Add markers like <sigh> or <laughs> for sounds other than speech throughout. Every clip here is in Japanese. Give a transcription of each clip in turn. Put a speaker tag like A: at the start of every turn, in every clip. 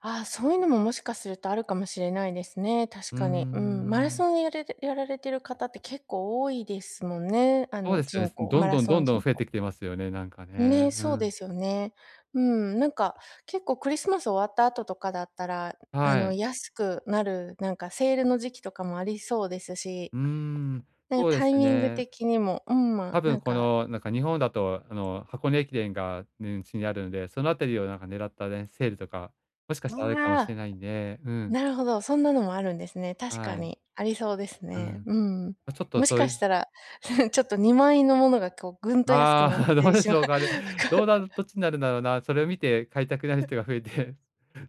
A: ああ、そういうのも、もしかするとあるかもしれないですね、確
B: うー
A: かに、うん。マラ
B: ん。
A: ソンやれれやられてる方って結構多いですもんね、あ
B: そう
A: の、
B: ですよね、
A: 人
B: す
A: 口
B: どん
A: マラ
B: どん、
A: ソ
B: どん
A: ン
B: どん
A: 人
B: 増え
A: 口。
B: てきてますよね、なんか
A: ね、
B: ね、う
A: そうで
B: ん。
A: すよね。うん、なんか結構クリスマス終わった後とかだったら、あ
B: は
A: の、
B: い。
A: 安くなるなんかセールの時期とかもありそうですし、
B: うーん、
A: ね、
B: そうで
A: タイ
B: す
A: ミング
B: ね。
A: 的にも、うん、ま、
B: たぶ
A: な
B: ん
A: ん
B: こ
A: か
B: の、なんか日本だと、あの、箱根駅伝が、ん、ちにあるので、そのあたりをなんか狙ったね、セールとかもしかし
A: う
B: た、あ
A: ん、
B: るかも
A: あ
B: しれ
A: あ！
B: ないんで、うん。
A: なるほど、そんなのもあるんですね、確か
B: はい。
A: にありそうです
B: う
A: ね、
B: ん。
A: うん。
B: ま、ちょっと
A: もし
B: そう
A: かし
B: ゆ
A: たら <chuckles> ちょっと、2万円のものがこうぐんと安く
B: ああ、
A: なっ
B: <laughs> どう
A: て
B: で
A: しま
B: し
A: うと
B: ょう
A: か。
B: かね。どうな
A: <chuckles>
B: るどっちになるんだろうな？それ見て買いたくなる
A: ふ。
B: 人が増えて、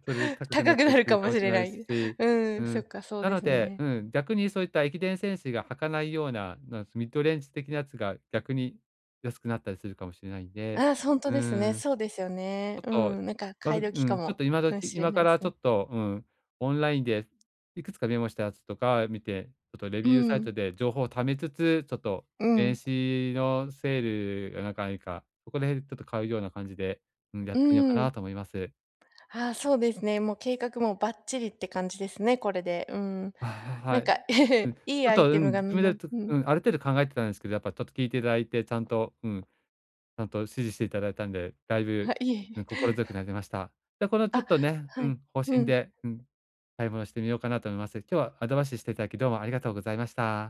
B: それで高くな
A: 高
B: っ
A: く
B: た
A: な
B: り
A: る
B: する
A: か
B: か
A: も
B: も
A: し
B: しれ
A: れ
B: な
A: な
B: いす
A: い。
B: し、
A: う
B: う
A: ん、そっ
B: ん、
A: かそう
B: な
A: で
B: の
A: す
B: で、
A: ね。
B: うん、逆にそういった駅伝選手が履かないような、なすミッドレンジ的なやつが逆に安くなったりするかもしれないんで、
A: ああ、そ、ほんと
B: うー
A: ですね。
B: ん、
A: そうですよね。
B: ちょっ
A: う
B: と、
A: ん、なんか
B: あ、
A: 買い
B: う
A: 時か
B: ん、ちょっ
A: も、
B: と今
A: うん、
B: 時
A: しれ
B: 今
A: な
B: か
A: い
B: ら
A: す
B: ちょ
A: ね。
B: っとうん、オンラインでいくつかメモしたやつとか見て、ちょっとレ
A: う
B: ビューサイ
A: ん。
B: トで情報をためつつ、ちょっと、
A: う
B: 年
A: ん。
B: 始のセールがなんか、いいか、そこらへんちょっと買うような感じで、うん、やっ
A: う
B: ていいのか
A: ー
B: な
A: ん。
B: と思います。
A: はあ、そうですね、もう計画もばっちりって感じですね、これで、うん。
B: あ、はは
A: なん
B: い。
A: か
B: うん、
A: <chuckles>
B: ち
A: いい
B: ょっ
A: アイ
B: と、う
A: テ
B: ん、
A: ムが
B: 自
A: みん
B: 分で、
A: な
B: ちょ
A: うん。
B: うん、ある程度考えてたんすけど、やっぱちょっと聞いていただいて、ちゃんとうん、ちゃんと指示していただいたんで、だいぶ、
A: は、いえい
B: うん、
A: え。
B: 心強くなりました。で、このちょっ
A: あ、
B: とね、う
A: はい。
B: ん、方
A: う
B: 針
A: ん。
B: で、うん買い物してみようかなと思います。今日はアドバイスしていただき、どうもありがとうございました。